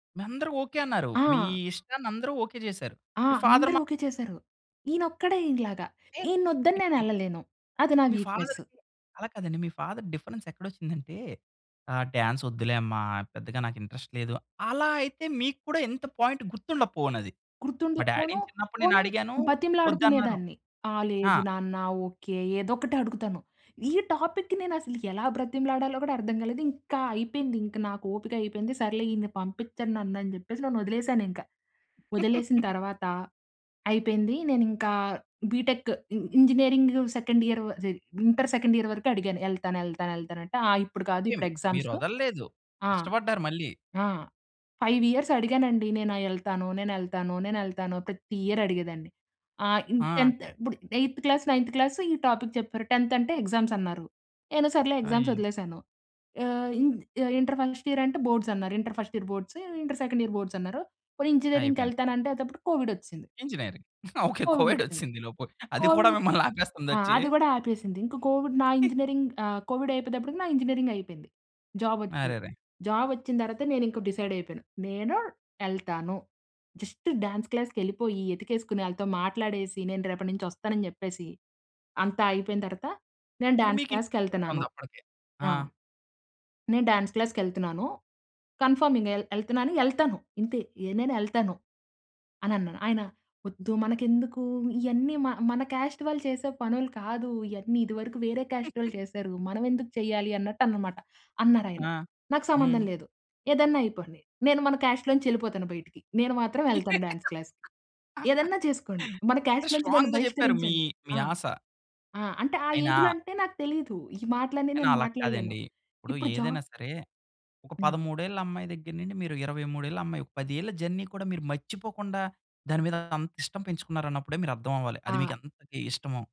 మీ అందరూ ఓకే అన్నారు. మీ ఆ! ఇష్టాన్ని అందరూ ఓకే చేసారు. ఆ! మీ ఫాదర్ అందరూ మా ఓకే చేసారు. ఈయన ఒక్కడే ఇలాగా ఏం ఈయన్ని వద్దని నేను ఎళ్ళలేను. అది నా మీ వీక్నెస్. ఫాదర్‌కి అలా కాదండి. మీ ఫాదర్ డిఫరెన్స్ ఎక్కడ వచ్చిందంటే, ఆహ్, "డాన్స్ వద్దులే అమ్మ పెద్దగా నాకు ఇంట్రెస్ట్ లేదు." అలా అయితే మీకు కూడా ఎంత పాయింట్ గుర్తుండపోవునది. మా గుర్తుండకపోను డ్యాడీ‌ని చిన్నప్పుడు నేను పోనీ అడిగాను వద్దన్నారు. బతిమలాడుకునేదాన్ని. ఆ ఆ! లేదు నాన్న ఓకే. ఏదో ఒకటి అడుగుతాను. ఈ టాపిక్ నేను అసలు ఎలా బ్రతిమలాడాలో కూడా అర్థం కాలేదు ఇంక అయిపోయింది ఇంక నాకు ఓపిక అయిపోయింది సర్లే ఈన్ని పంపించరు నన్ను అనే చెప్పేసి నన్ను వదిలేసాను ఇంకా. వదిలేసిన తరువాత అయిపోయింది. నేను ఇంకా బీటెక్ ఇ ఇంజినీరింగ్ సెకండ్ ఇయర్ జ ఇంటర్ సెకండ్ ఇయర్ వరకు అడిగాను. ఎళ్తాను ఎళ్తాను ఎళ్తాను అంటే "ఇప్పుడు కాదు ఓకే. ఇప్పుడు మీరు ఎగ్జామ్స్." వదలల్లేదు. ఆ! కష్టపడ్డారు మళ్ళీ. ఆ! 5 ఇయర్స్ అడిగానండి. నేను ఎళ్తాను. నేను ఎళ్తాను. నేను ఎళ్తాను. ప్రతి ఇయర్ అడిగేదాన్ని. ఆ! ఇన్ ఆ! 10థ్ ఇప్పుడు ఎయిత్ క్లాస్ నైన్త్ క్లాస్ ఈ టాపిక్ చెప్పారు 10థ్ అంటే ఎగ్జామ్స్ అన్నారు. నేను సర్లే ఎగ్జామ్స్ అయ్యో! వదిలేసాను. ఆహ్, ఇ ఇంటర్ ఫస్ట్ ఇయర్ అంటే బోర్డ్స్ అన్నారు. Inter first year boards inter second year boards అన్నారు. పోనీ ఇంజనీరింగ్‌కి అయిపోయింది. వెళ్తాను అంటే అప్పుడు కోవిడ్ వచ్చేసింది. ఇంజినీరింగ్ ఓకే కోవిడ్ కోవిడ్ వచ్చేసింది. వచ్చింది ఈలోపు. అది కూడా కోవిడ్ మిమ్మల్ని ఆపేస్తుంది ఆ! వచ్చి. అది కూడా ఆపేసింది. ఇంక కోవిడ్ నా ఇంజినీరింగ్ ఆహ్, కోవిడ్ అయిపోయేటప్పటికి నా ఇంజినీరింగ్ అయిపోయింది. జాబ్ వచ్చింది. అరెరే! జాబ్ వచ్చిన తర్వాత నేను ఇంకా డిసైడ్ అయిపోయాను. నేను ఎళ్తాను. జస్ట్ డ్యాన్స్ క్లాస్‌కెళ్ళిపోయి ఎతికేసుకుని ఆళ్ళతో మాట్లాడేసి నేను రేపటి నుంచి వస్తానని చెప్పేసి అంతా అయిపోయిన తర్వాత నేను అంటే [unintelligible] డ్యాన్స్ మీకు క్లాస్‌కెళ్తున్నాను. ఉందా అప్పటికే ఆ! ఆ! నేను డాన్స్ క్లాస్‌కెళ్తున్నాను. కన్ఫర్మింగ్ ఎల్ ఎళ్తున్నాను. ఎళ్తాను. ఇంతే నేను ఎళ్తాను అని అన్నాను. "ఆయన వద్దు మనకెందుకు ఇయన్నీ మ మన కాస్ట్ వాళ్ళు చేసే పనులు కాదు ఇయన్నీ ఇది వరకు వేరే కాస్ట్ వాళ్ళు చేసారు. మనం ఎందుకు చేయాలి అన్నట్టు అన్నమాట" అన్నారు ఆయన. ఆ! "నాకు సంబంధం హ్మ్. లేదు. ఏదైనా అయిపోండి. నేను మన కాస్ట్‌లోంచి ఎళ్ళిపోతాను బయటికి నేను మాత్రం ఎళ్తాను డాన్స్ క్లాస్జకి. ఏదన్నా చేసుకోండి. మన కాస్ట్‌లోంచి నన్ను స్ట్రాంగ్‌గా చెప్పారు. మీ, బహిష్కరించండి." మీ ఆ! ఆశ. అంటే ఆ అయినా ఏజ్‌లో అంటే నాకు తెలియదు. ఈ మాటలన్నీ కానీ నేను అలా మాట్లాడలేను. కాదండి. ఇప్పుడు ఇప్పుడు ఏదైనా జాబ్ సరే ఒక హ్మ్. 13 ఏళ్ళ అమ్మాయి దగ్గర నుండి మీరు 23 ఏళ్ళ అమ్మాయి ఒక 10 ఏళ్ళ జర్నీ కూడా మీరు మర్చిపోకుండా దాని మీద అంత ఇష్టం పెంచుకున్నారు అన్నప్పుడే మీరు అర్థం అవ్వాలి. అది ఆ! మీకు ఎంత‌గా ఇష్టమో.